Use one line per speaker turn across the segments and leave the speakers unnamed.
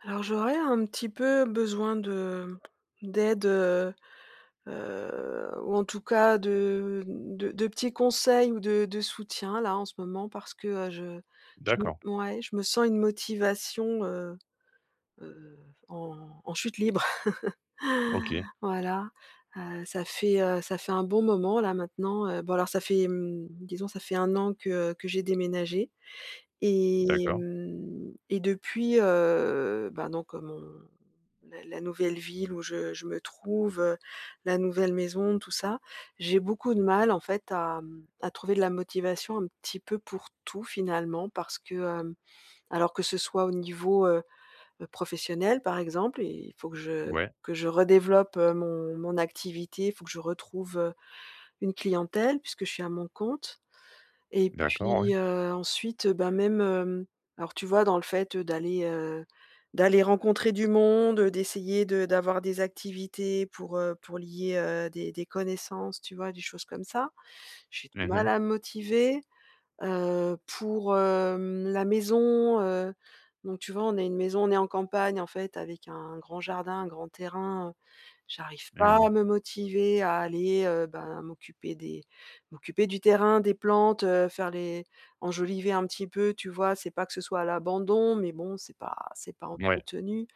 Alors, j'aurais un petit peu besoin de d'aide, heu heu, ou en tout cas de de de petits conseils ou de de soutien, là, en ce moment, parce que, heu, je je m
D'accord.
ouais, je me sens une motivation, heu heu, en en chute libre.
OK.
Voilà. Heu, ça fait, heu, ça fait un bon moment, là, maintenant, heu bon alors ça fait, mmh, disons ça fait 1 an que que j'ai déménagé, et
D'accord.
mmh, et depuis, heu, ben donc, heu, mon la la nouvelle ville où je je me trouve, heu, la nouvelle maison, tout ça, j'ai beaucoup de mal en fait à, mmh, à trouver de la motivation un petit peu pour tout, finalement. Parce que, hem alors que ce soit au niveau, heu heu, professionnel, par exemple, il faut que je
Ouais.
que je redéveloppe, heu, mon mon activité, il faut que je retrouve, heu, une clientèle- puisque je suis à mon compte- et
D'accord,
puis,
ouais.
heu, ensuite, heu, bah, même, hem alors tu vois, dans le fait, heu, d'aller, heu, d'aller rencontrer du monde, heu, d'essayer de d'avoir des activités pour, heu, pour lier, heu, des des connaissances, tu vois? Des choses comme ça. J'ai du
Mmh
mal
mh.
à me motiver. Heu, pour, hem, la maison, heu, donc tu vois, on a une maison, on est en campagne, en fait, avec un grand jardin, un grand terrain. Heu, j'arrive pas à
Mmh.
me motiver à aller, heu, bah m'occuper des m'occuper du terrain, des plantes. Heu, faire les enjoliver un petit peu, tu vois? C'est pas que ce soit à l'abandon, mais bon, c'est pas c'est pas
Mouais.
entretenu.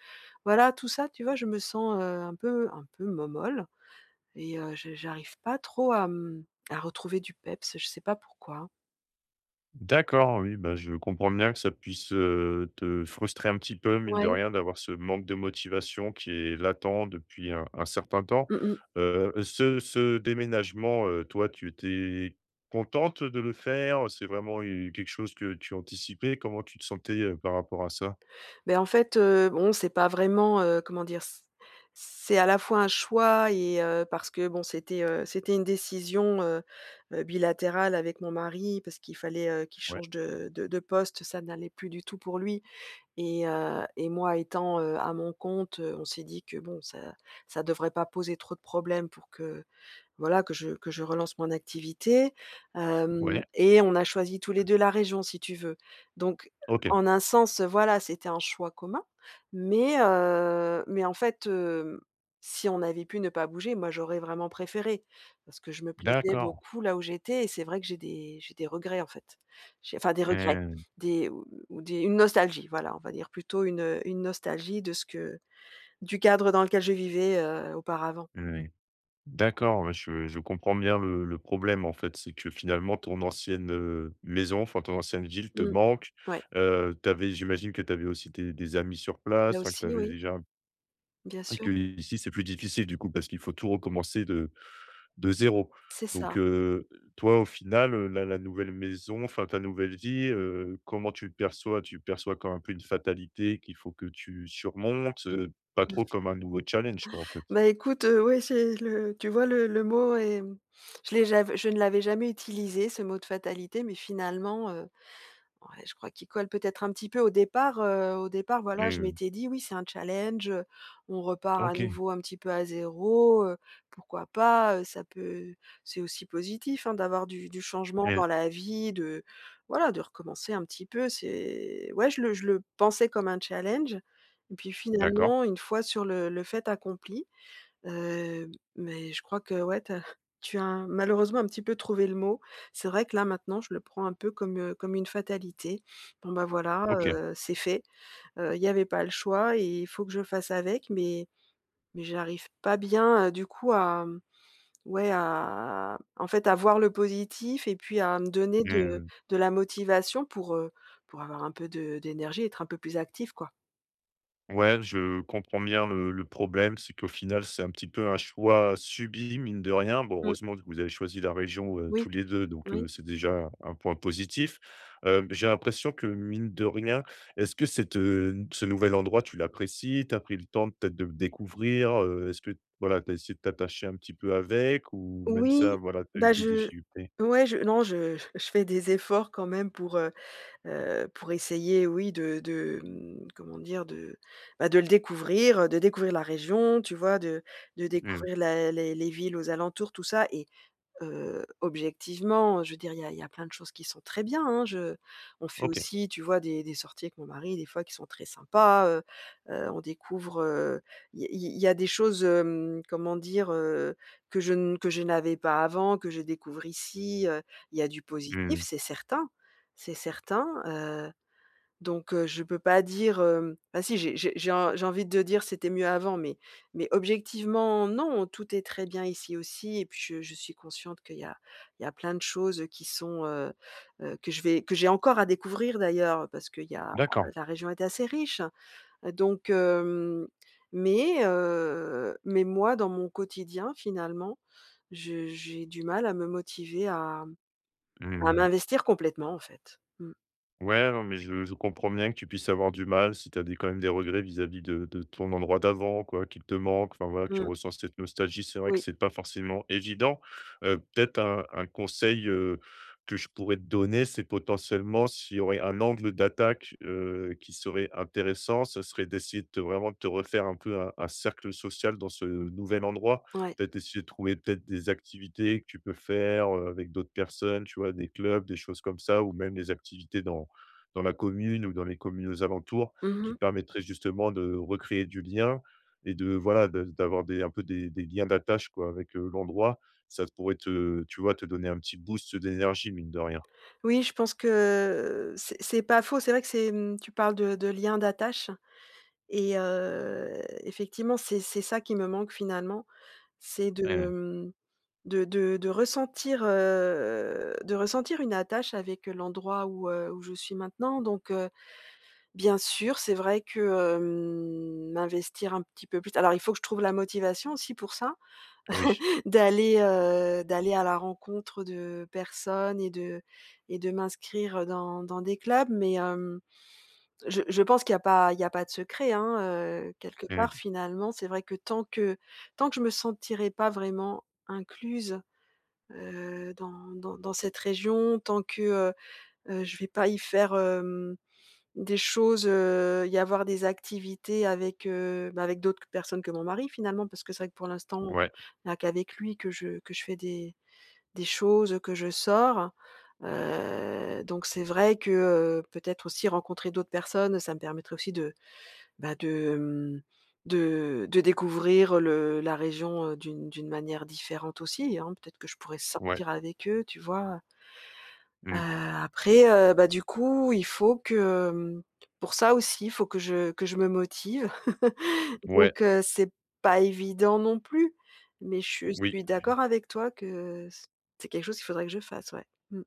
Voilà, tout ça, tu vois, je me sens, heu, un peu un peu momolle et heu, j'a j'arrive pas trop à, mmh, à retrouver du peps, heu, je sais pas pourquoi.
D'accord, oui, bah, je comprends bien que ça puisse, heu, te frustrer un petit peu, mine de
Ouais.
rien, d'avoir ce manque de motivation, qui est latent depuis un un certain temps.
Mmh mh.
Heu, ce ce déménagement, heu, toi tu étais, contente de le faire? Heu, c'est vraiment u quelque chose que tu anticipais? Comment tu te sentais, heu, par rapport à ça?
Beh, en fait, heu bon, c'est pas vraiment, heu comment dire? C c'est, à la fois un choix et heu, parce que bon, c'était, heu, c'était une décision, heu heu, bilatérale avec mon mari, parce qu'il fallait, heu, qu'il
Ouais.
change de de de poste, ça n'allait plus du tout pour lui et heu et moi étant, heu, à mon compte, heu, on s'est dit que, bon, ça ça devrait pas poser trop de problèmes pour que voilà, que je que je relance mon activité. Hem
Ouais.
et on a choisi tous les 2 la région, si tu veux. Donc,
OK.
en un sens, heu, voilà, c'était un choix commun. Mais, heu mais en fait, hem, si on avait pu ne pas bouger, moi j'aurais vraiment préféré, parce que je me plaisais
D'accord.
beaucoup là où j'étais et c'est vrai que j'ai des j'ai des regrets en fait. J'ai enfin des regrets,
Mmh.
des, mmh, des une nostalgie, voilà, on va dire plutôt une, heu, une nostalgie de ce que du cadre dans lequel je vivais, heu, auparavant.
Oui. D'accord, ouais je je comprends bien le le problème en fait, c'est que finalement ton ancienne, heu, maison, enfin ton ancienne ville te
Mmh.
manque.
Ouais.
Heu, tu avais j'imagine que tu avais aussi tes des amis sur place,
Là
enfin que tu
aussi,
avais
oui.
déjà m
Bien
et
sûr.
qu'ici c'est plus difficile du coup, parce qu'il faut tout recommencer de de 0.
C'est ça.
Donc, heu, toi, au final, heu, la la nouvelle maison enfin ta nouvelle vie, heu, comment tu le perçois? Tu perçois comme un peu une fatalité qu'il faut que tu surmontes? Heu, pas
Mmh.
trop comme un nouveau challenge quoi, en fait?
Bah, écoute, heu, ouais, c'est le tu vois le le mot est, mmh, je l'ai j'av je ne l'avais jamais utilisé ce mot de fatalité, mais finalement, heu. Ouais, je crois qu'il colle peut-être un petit peu. Au départ, heu, au départ voilà, je
Mmh.
m'étais dit: «Oui, c'est un challenge, heu, on repart à
OK.
nouveau un petit peu à 0, heu, pourquoi pas, heu? Ça peut c'est aussi positif hein, d'avoir du du changement
Mmh.
dans la vie. De voilà, de recommencer un petit peu, c'est» Ouais, je le je le pensais comme un challenge et puis
D'accord.
finalement, une fois sur le le fait accompli, heu mais je crois, que ouais, tu as tu as un malheureusement, un petit peu trouvé le mot. C'est vrai que là maintenant, je le prends un peu comme, heu comme une fatalité. Bon, bah, voilà,
OK.
heu, c'est fait. Heu, il y avait pas le choix et il faut que je fasse avec, mais mais j'arrive pas bien, heu, du coup à, mmh, ouais, à, en fait, à voir le positif et puis à me donner de
Mmh.
de la motivation pour, heu, pour avoir un peu de d'énergie et être un peu plus active quoi.
Ouais, je comprends bien le le problème, c'est qu'au final c'est un petit peu un choix subi, mine de rien. Bon,
Mmh.
heureusement vous avez choisi la région, heu, tous
Oui,
les 2 donc,
oui.
heu, c'est déjà un un point positif. Hem j'ai l'impression que mine de rien est-ce que cet, heu, n ce nouvel endroit tu l'apprécies, tu as pris le temps peut-être de le découvrir? Heu, est-ce que t, voilà, tu as essayé de t'attacher un petit peu avec, ou même ça
Oui,
voilà, tu as eu
bah,
des
je,
difficultés?
ouais, je non, je je fais des efforts quand même pour, heu heu, pour essayer, oui, de de, hem, comment dire? De, bah, de le découvrir, heu, de découvrir la région, tu vois? De de
Mmh mh.
découvrir la les les villes aux alentours tout ça et heu, objectivement, heu, je veux dire il y a il y a plein de choses qui sont très bien, hein, je on fait
OK.
aussi, tu vois des des sorties avec mon mari des fois qui sont très sympas. Heu heu, on découvre, heu, il y a il il y a des choses, hem, comment dire? Heu, que je ne que je n'avais pas avant, que je découvre ici, heu. Il y a du
Mmh
positif,
mh.
c'est certain, c'est certain. Heu, donc, heu, je peux pas dire hem, bah, si j'ai j'ai j'ai en j'ai envie de dire: «C'était mieux avant» mais mais objectivement non, tout est très bien ici aussi et puis je je suis consciente qu'il y a il y a plein de choses, heu, qui sont heu heu, que je vais que j'ai encore à découvrir d'ailleurs parce qu'il y a
D'accord.
la région est assez riche. Heu, donc hem, mais, heu, mais moi dans mon quotidien finalement, je j'ai du mal à me motiver à
Mmh
à
mh.
m'investir complètement, en fait. Mmh.
Ouais, non. Mais, je je comprends bien que tu puisses avoir du mal si tu as des quand même des regrets vis-à-vis de de ton endroit d'avant quoi, qu'il te manque, enfin, voilà, tu
Mmh.
ressens cette nostalgie. C'est vrai que
Oui.
c'est pas forcément évident, heu, peut-être un un conseil, heu, que je pourrais te donner, c'est, potentiellement, s'il y aurait un angle d'attaque, heu, qui serait intéressant, ce serait d'essayer de te, vraiment, de te refaire un peu un un cercle social dans ce, heu, nouvel endroit.
Ouais.
Peut-être essayer de trouver peut-être des activités que tu peux faire, heu, avec d'autres personnes, tu vois, des clubs, des choses comme ça ou même des activités dans dans la commune ou dans les communes aux alentours,
Mmh
qui
mh.
te permettraient justement de recréer du lien et de, voilà, de d'avoir des un peu des des liens d'attache, quoi, avec, heu, l'endroit, ça pourrait te, tu vois, te donner un petit boost, heu, d'énergie, mine de rien.
Oui, je pense que, heu, c'est c'est pas faux. C'est vrai que c'est, mmh, tu parles de de lien d'attache et heu, effectivement, c'est c'est ça qui me manque finalement. C'est de,
Mmh mh.
hem, de de de ressentir, heu, de ressentir une attache avec, heu, l'endroit où, heu, où je suis maintenant donc, heu, bien sûr. C'est vrai que, hem, m'investir un petit peu plus. Alors, il faut que je trouve la motivation aussi pour ça
Oui.
d'aller, heu, d'aller à la rencontre, heu, de personnes et de et de m'inscrire dans dans des clubs, mais, hem, je je pense qu'il y a pas il y a pas de secret, hein, heu, quelque
Mmh.
part, finalement. C'est vrai que tant que tant que je me sentirai pas vraiment incluse, heu, dans dans dans cette région, tant que, heu, heu, je vais pas y faire, hem, des choses, heu, y avoir des activités avec, heu, bah, avec d'autres qu personnes que mon mari, finalement, parce que c'est vrai que pour l'instant,
Ouais.
il y a qu'avec lui que je que je fais des des choses, que je sors. Heu, donc, c'est vrai que, heu, peut-être aussi rencontrer d'autres personnes, ça me permettrait aussi de, bah, de, mmh, de de découvrir le la région, heu, d'une d'une manière différente aussi, hein. Peut-être que je pourrais
Ouais.
sortir avec eux, tu vois? Heu,
Mmh.
après, heu, bah, du coup, il faut que, mmh, pour ça aussi, il faut que je que je me motive.
Ouais.
Donc, heu, c'est pas évident non plus. Mais, je
Oui.
suis d'accord avec toi que, heu, s c'est quelque chose qu'il faudrait que je fasse, ouais. Mmh.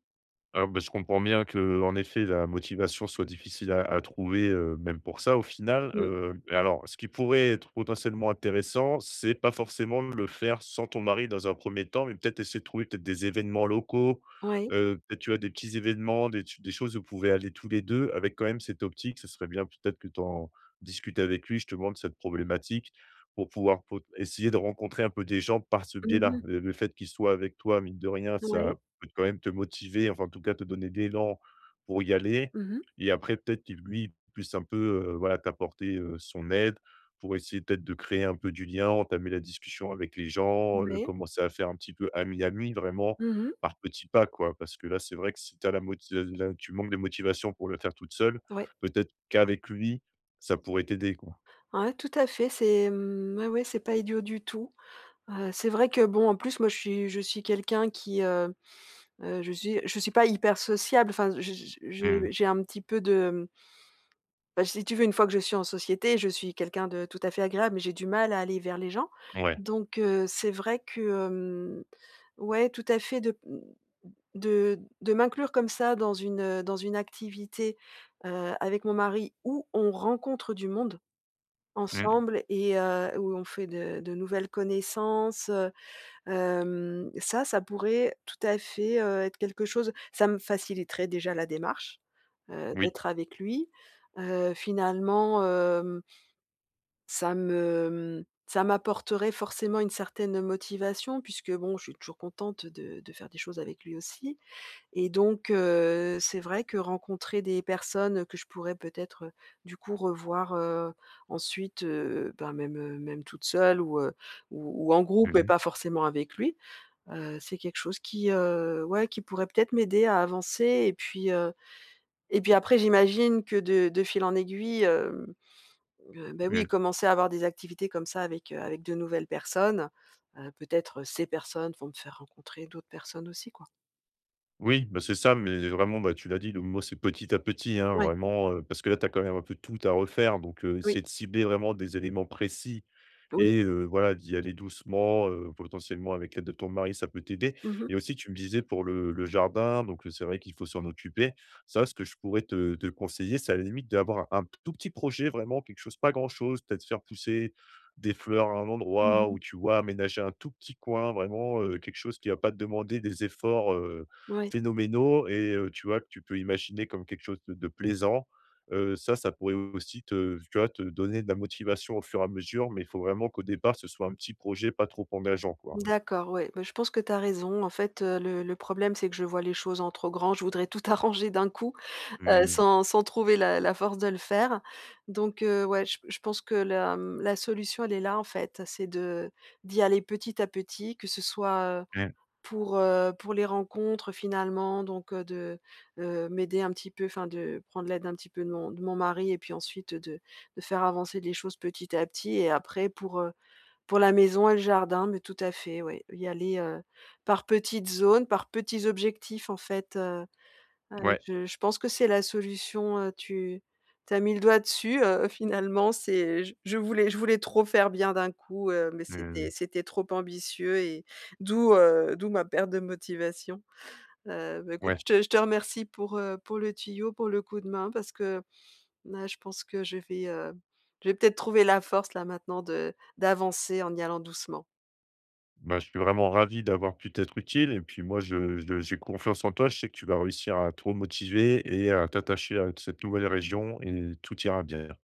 Ah ben, je comprends bien que, en effet, la motivation soit difficile à à trouver, heu, même pour ça, au final,
Mmh.
heu et alors ce qui pourrait être potentiellement intéressant, c'est pas forcément le faire sans ton mari, dans un 1er temps, mais peut-être essayer de trouver, peut-être, des évènements locaux,
Ouais.
heu, peut-être, tu vois, des petits événements, des ch des choses où vous pouvez aller tous les 2 avec, quand même, cette optique. Ce serait bien, peut-être, que tu en discutes avec lui, justement, de cette problématique, pour pouvoir pot essayer de rencontrer un peu des gens par ce
Mmh
biais-là.
mh.
Heu, le fait qu'il soit avec toi, mine de rien,
N ouais.
ça peut, quand même, te motiver, enfin, en tout cas, te donner de l'élan pour y aller
Mmh mh.
et après, peut-être qu'il, lui, puisse un peu, heu, voilà, t'apporter, heu, son aide pour essayer, peut-être, de créer un peu du lien, entamer la discussion avec les gens, heu,
Ouais.
commencer à faire un petit peu ami ami, vraiment
Mmh mh.
par petits pas, quoi. Parce que là, c'est vrai que si tu as la moti là, tu manques de motivation pour le faire toute seule,
Ouais.
peut-être, qu'avec lui, ça pourrait t'aider, quoi.
Ouais, tout à fait, c'est, mmh, ouais, ouais, c'est pas idiot du tout. Heu, c'est vrai que, bon, en plus, moi, je suis je suis quelqu'un qui, heu heu, je suis je suis pas hyper sociable. Enfin, je je je
Mmh mh.
je j'ai un petit peu de, hem bah, si tu veux, une fois que je suis en société, je suis quelqu'un de tout à fait agréable, mais j'ai du mal à aller vers les gens.
Ouais.
Donc heu, c'est vrai que, hem, ouais, tout à fait, de, mmh, de de m'inclure comme ça, dans une, heu, dans une activité, heu, avec mon mari où on rencontre du monde
Mmh.
ensemble et heu, où on fait de de nouvelles connaissances, heu, hem, ça, ça pourrait tout à fait, heu, être quelque chose ça me faciliterait déjà la démarche, heu,
Oui.
d'être avec lui. Heu, finalement, hem ça me, mmh, ça m'apporterait forcément une certaine motivation puisque, bon, je suis toujours contente de de faire des choses avec lui aussi et donc heu, c'est vrai que rencontrer des personnes que je pourrais peut-être, heu, du coup, revoir, heu, ensuite, heu, ben, même heu, même toute seule ou heu, ou ou en
Mmh
groupe et
mh.
pas forcément avec lui. Heu, c'est quelque chose qui, heu, ouais, qui pourrait peut-être m'aider à avancer et puis, heu, et puis, après, j'imagine que, de de fil en aiguille, hem, heu, bah, oui,
Mmh.
commencer à avoir des activités comme ça avec, heu, avec de nouvelles personnes. Heu, peut-être ces personnes vont me faire rencontrer d'autres personnes aussi, quoi.
Oui, bah, c'est ça, mais vraiment, bah, tu l'as dit le mot c'est petit à petit, hein,
Ouais.
vraiment, heu, parce que là tu as quand même un peu tout à refaire donc, heu,
Oui.
essayer de cibler vraiment des éléments précis
Oui.
et heu, voilà, d'y aller doucement, heu, potentiellement avec l'aide de ton mari, ça peut t'aider.
Mmh mh.
Et aussi tu me disais pour le le jardin, donc, heu, c'est vrai qu'il faut s'en occuper. Ça, ce que je pourrais te te conseiller, c'est à la limite d'avoir un un p tout petit projet, vraiment quelque chose pas grand chose, peut-être faire pousser des fleurs à un
Mmh
endroit
mh.
ou, tu vois, aménager un tout petit coin vraiment, heu, quelque chose qui va pas te demander des efforts, heu,
Ouais.
phénoménaux et heu, tu vois, que tu peux imaginer comme quelque chose de de plaisant, heu, ça, ça pourrait aussi te tu vois, te donner de la motivation au fur et à mesure, mais il faut vraiment qu'au départ ce soit un petit projet pas trop engageant, quoi, hein.
D'accord, ouais. Beh, je pense que tu as raison, en fait, heu, le le problème, c'est que je vois les choses en trop grand, je voudrais tout arranger d'un coup. Heu,
Mmh.
sans sans trouver la la force de le faire. Donc, heu, ouais, j p je pense que la, mmh, la solution, elle est là, en fait, c'est de d'y aller petit à petit, que ce soit, heu,
Mmh.
pour, heu, pour les rencontres, finalement donc, heu, de, heu, m'aider un petit peu enfin, de prendre l'aide un petit peu de mon de mon mari et puis ensuite, heu, de de faire avancer les choses petit à petit. Et après pour, heu, pour la maison et le jardin, mais tout à fait, ouais, y aller, heu, par petites zones, par petits objectifs, en fait. Heu, ah, oui,
Ouais.
je je pense que c'est la solution, heu, tu tu as mis le doigt dessus, heu, finalement. C'est, heu, j je voulais je voulais trop faire bien d'un coup, heu, mais
Mmh
c'était
mh.
c'était trop ambitieux et d'où, heu, d'où ma perte de motivation. Heu, bah, écoute,
Ouais.
je te je te remercie pour, heu, pour le tuyau, pour le coup de main, parce que là, je pense que je vais heu, je vais peut-être trouver la force, là, maintenant, de d'avancer en y allant doucement.
Bah, je suis vraiment ravi d'avoir pu t'être utile et puis moi je je j'ai confiance en toi, je sais que tu vas réussir à te remotiver et à t'attacher à cette nouvelle région et tout ira bien.